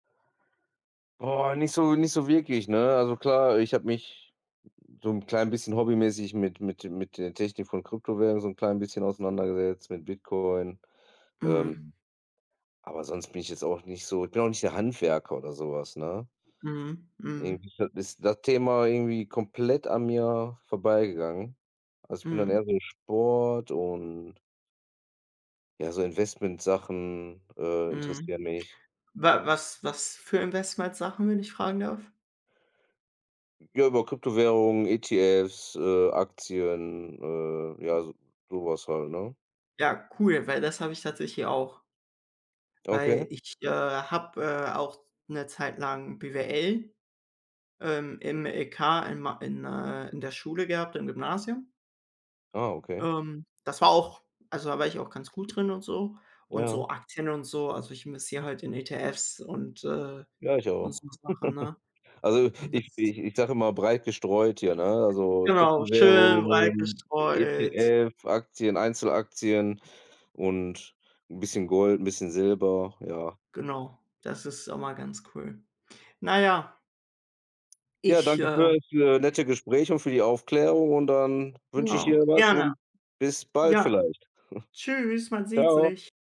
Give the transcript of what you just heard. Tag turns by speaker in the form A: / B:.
A: Boah, nicht so nicht so wirklich, ne? Also klar, ich habe mich so 'n klein bisschen hobbymäßig mit mit mit der Technik von Kryptowährungen so 'n klein bisschen auseinandergesetzt, mit Bitcoin.
B: Mhm.
A: Ähm, aber sonst bin ich jetzt auch nicht so ich bin auch nicht der Handwerker oder so was, ne?
B: Mhm, mhm.
A: Irgendwie [unintelligible] ist das Thema irgendwie komplett an mir vorbeigegangen. Also, ich bin dann
B: Mhm.
A: eher so Sport und ja, so Investment-Sachen, äh,
B: Mhm.
A: interessieren mich.
B: Wa was was für Investment-Sachen, wenn ich fragen darf?
A: Ja, über Kryptowährungen, ETFs, äh, Aktien, äh ja, so so was halt, ne?
B: Ja, cool, weil das habe ich tatsächlich auch. Weil
A: Okay.
B: ich, äh, habe, äh, auch 'ne Zeit lang BWL, ähm, im LK in Ma in äh, in der Schule gehabt im Gymnasium.
A: Ah, okay.
B: Ähm, das war auch also da war ich auch ganz gut drin und so und
A: Ja.
B: so Aktien und so also ich investiere halt in ETFs und, äh
A: Ja, ich
B: und
A: auch.
B: so Sachen, ne?
A: Also
B: Und das
A: ich ich ich sage immer breit gestreut hier, ne? Also
B: Genau, schön breit
A: Kryptowährungen,
B: gestreut.
A: ETF, Aktien, Einzelaktien und 'n bisschen Gold, 'n bisschen Silber, ja.
B: Genau, das ist immer ganz cool. Na ja
A: Ja,
B: ich,
A: danke
B: äh
A: für für nette Gespräch und für die Aufklärung und dann wünsche ich
B: Genau,
A: dir was
B: gerne.
A: und bis bald
B: Ja,
A: vielleicht.
B: tschüss, man sieht
A: Ciao.
B: sich.